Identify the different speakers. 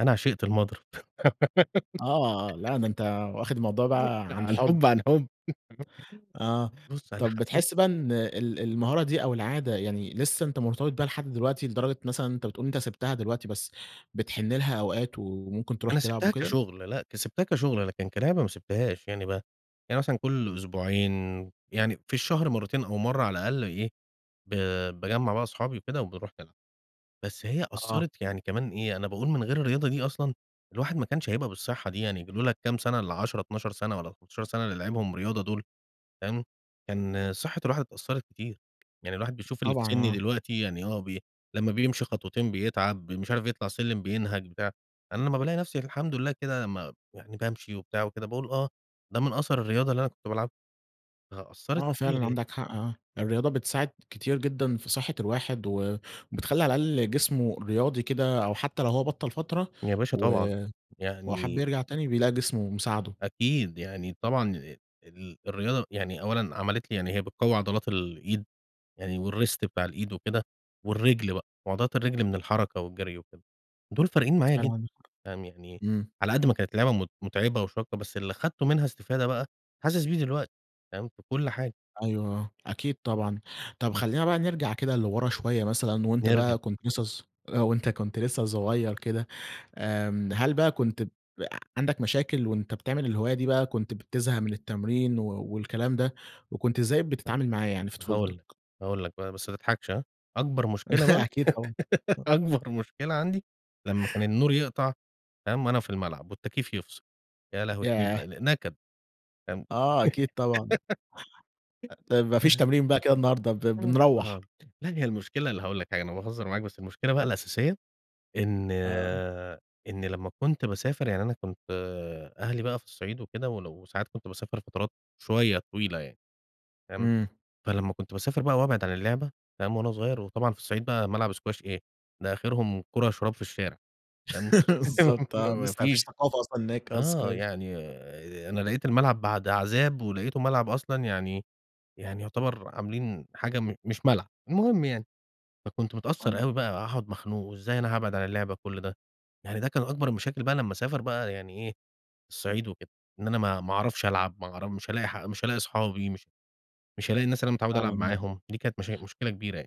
Speaker 1: أنا عشقت المضرب.
Speaker 2: آه، لا ده أنت واخد الموضوع بقى
Speaker 1: لأ،
Speaker 2: عن
Speaker 1: عن
Speaker 2: حب.
Speaker 1: حب، عن حب.
Speaker 2: آه،
Speaker 1: [unintelligible] بص أنا
Speaker 2: طب
Speaker 1: حبيت
Speaker 2: بتحس بقى إن ال المهارة دي أو العادة يعني لسه أنت مرتبط بيها لحد دلوقتي، لدرجة مثلًا أنت بتقول أنت سبتها دلوقتي، بس بتحن لها أوقات وممكن تروح
Speaker 1: أنا
Speaker 2: تلعب
Speaker 1: سبتها
Speaker 2: وكده؟
Speaker 1: كشغل لأ، ك سبتها كشغل، لكن كلعبة ما سبتهاش. يعني بقى يعني مثلًا كل أسبوعين يعني في الشهر مرّتين أو مرّة على الأقل إيه، ب باجمع بقى أصحابي وكده وبنروح نلعب. بس هي
Speaker 2: آه.
Speaker 1: أثرت يعني كمان إيه، أنا باقول من غير الرياضة دي أصلًا الواحد ما كانش هيبقى بالصحّة دي، يعني لولا الكام سنة ال10، 12 سنة والّا 14 سنة اللي لعبهم رياضة دول فاهم؟
Speaker 2: امم.
Speaker 1: كان صحّة الواحد اتأثرت كتير. يعني الواحد بيشوف اللي في
Speaker 2: طبعًا،
Speaker 1: سني
Speaker 2: آه.
Speaker 1: دلوقتي يعني آه، بي لمّا بيمشي خطوتين بيتعب مش عارف يطلع السلم بينهج بتاع، أنا لمّا بالاقي نفسي الحمد لله كده لمّا يعني بامشي وبتاع وكده باقول آه، ده من أثر الرياضة اللي أنا كنت بالعبها. فأثرت
Speaker 2: آه،
Speaker 1: كتير
Speaker 2: فعلًا
Speaker 1: يعني.
Speaker 2: عندك حق، آه. الرياضة بتساعد كتير جدًا في صحّة الواحد وبتخلّي على الأقل جسمه رياضي كده أو حتّى لو هو بطل فترة
Speaker 1: يا باشا طبعًا.
Speaker 2: و وحب
Speaker 1: يعني
Speaker 2: يرجع تاني، بيلاقي جسمه مساعده.
Speaker 1: أكيد. يعني طبعًا، [unintelligible] ال الرياضة يعني أولًا عملت لي يعني هي بتقوى عضلات الإيد، يعني والWrist بتاع الإيد وكده، والرجل بقى وعضلات الرجل من الحركة والجري وكده، دول فارقين معايا
Speaker 2: فعلًا
Speaker 1: جدًا،
Speaker 2: عندك حق.
Speaker 1: فاهم؟ يعني
Speaker 2: امم.
Speaker 1: على قد ما كانت لعبة مت متعبة وشاقة بس اللي خدته منها استفادة بقى حاسس بيه دلوقتي، فاهم؟ في كل حاجة.
Speaker 2: أيوه، آه، أكيد طبعًا. طب خلّينا بقى نرجع كده لورا شويّة مثلًا، وأنت
Speaker 1: نرجع.
Speaker 2: بقى كنت لسّه ص آآ، وأنت كنت لسّه صغيّر كده، آمم، هل بقى كنت عندك مشاكل وأنت بتعمل الهواية دي بقى كنت بتزهق من التمرين و والكلام ده، وكنت إزاي
Speaker 1: امم،
Speaker 2: بتتعامل معاه يعني في طفولتك؟
Speaker 1: هاقول لك، هاقول لك بقى، بس ما تضحكش ها؟ أكبر مشكل بقى
Speaker 2: أكيد طبعًا، آه.
Speaker 1: أكبر مشكلة عندي، لمّا كان النور يقطع، فاهم، وأنا في الملعب، والتكييف يفصل، يا لهوي! كان
Speaker 2: ياه!
Speaker 1: يبقى ن نكد، فاهم؟
Speaker 2: آه، أكيد طبعًا. أ طيب ما فيش تمرين بقى كده النهاردة ب
Speaker 1: امم،
Speaker 2: بنروَّح.
Speaker 1: آه، لا هي المشكلة اللي هاقول لك حاجة أنا باهزر معاك، بس المشكلة بقى الأساسية، إن
Speaker 2: آه.
Speaker 1: إن لمّا كنت باسافر يعني أنا كنت أهلي بقى في الصعيد وكده ولو ساعات كنت باسافر فترات شويّة طويلة يعني، فاهم؟
Speaker 2: امم.
Speaker 1: فلما كنت باسافر بقى وابعد عن اللعبة، فاهم، وأنا صغيّر وطبعًا في الصعيد بقى ملعب سكواش إيه! ده آخرهم كرة شراب في الشارع. تمام،
Speaker 2: بالضبط،
Speaker 1: ما
Speaker 2: آه.
Speaker 1: ما
Speaker 2: لسه ما فيش
Speaker 1: فيش
Speaker 2: ثقافة أصلًا هناك آه،
Speaker 1: آه،
Speaker 2: اسكواش.
Speaker 1: يعني أنا لقيت الملعب بعد عذاب، ولقيته ملعب أصلًا يعني يعني يعتبر عاملين حاجة م مش ملعب. المهم يعني، فكنت متأثر
Speaker 2: هن
Speaker 1: أوي بقى وهاقعد مخنوق وإزاي أنا هابعد على اللعبة كل ده، يعني ده كان أكبر المشاكل بقى لمّا أسافر بقى يعني إيه، الصعيد وكده إن أنا ما ما أعرفش ألعب ما أعر مش هالاقي مش هالاقي أصحابي مش مش هالاقي الناس اللي أنا متعوّد
Speaker 2: فعلًا،
Speaker 1: ألعب
Speaker 2: آه.
Speaker 1: معاهم، دي كانت مشا مشكلة كبيرة يعني.